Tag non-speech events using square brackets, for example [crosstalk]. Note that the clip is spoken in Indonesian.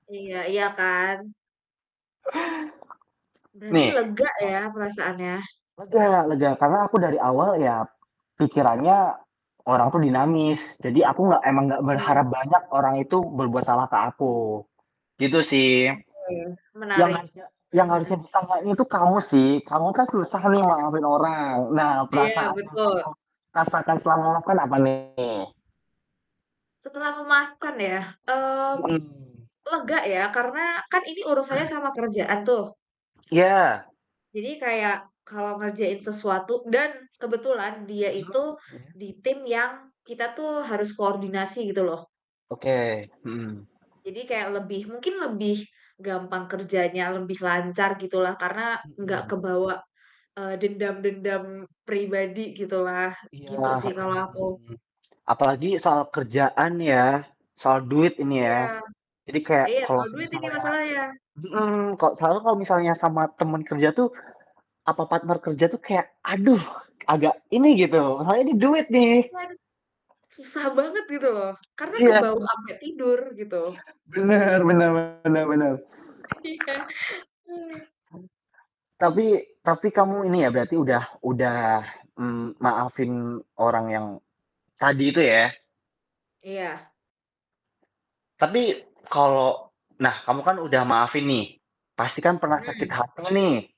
Iya, iya kan? Berarti Nih, lega kok, ya perasaannya? m lega lega, karena aku dari awal ya pikirannya orang tuh dinamis. Jadi aku nggak emang nggak Mmm. berharap banyak orang itu berbuat salah ke aku. Gitu sih. Oke, Yang menarik. harusnya yang Mhm harusnya mhm. diutamain itu kamu sih, kamu kan susah nih maafin orang. Nah, Iya, perasaan yang kamu betul. rasakan selama maafkan apa nih? Setelah memaafkan ya? Mmm, Mhm. lega ya, karena kan ini urusannya [clears throat] sama kerjaan tuh. Ya. Jadi kayak kalau ngerjain sesuatu dan kebetulan dia Heeh, itu ya. di tim yang kita tuh harus koordinasi, gitu loh. Oke, mhm. Jadi kayak lebih, mungkin lebih gampang kerjanya, lebih lancar gitu lah, karena Mhm. nggak kebawa, eee, dendam-dendam pribadi, gitu lah. Iya, Gitu sih mhm kalau aku. mhm. Apalagi soal kerjaan ya, soal duit ini ya. Iya. Jadi kayak, Iya, kalo soal duit ini semisalnya masalahnya. mhm, kok selalu kalau misalnya, sama teman kerja tuh, apa partner kerja tuh kayak, aduh, agak ini gitu, masalahnya nih duit nih. Waduh, susah banget gitu loh, karena Iya, kebawa ampe tidur, gitu. benar benar benar benar. Iya. Tapi tapi kamu ini ya berarti udah udah, mmm, maafin orang yang tadi itu ya? Iya. Tapi kalau nah kamu kan udah maafin nih, pastikan pernah sakit Mmm. hati nih.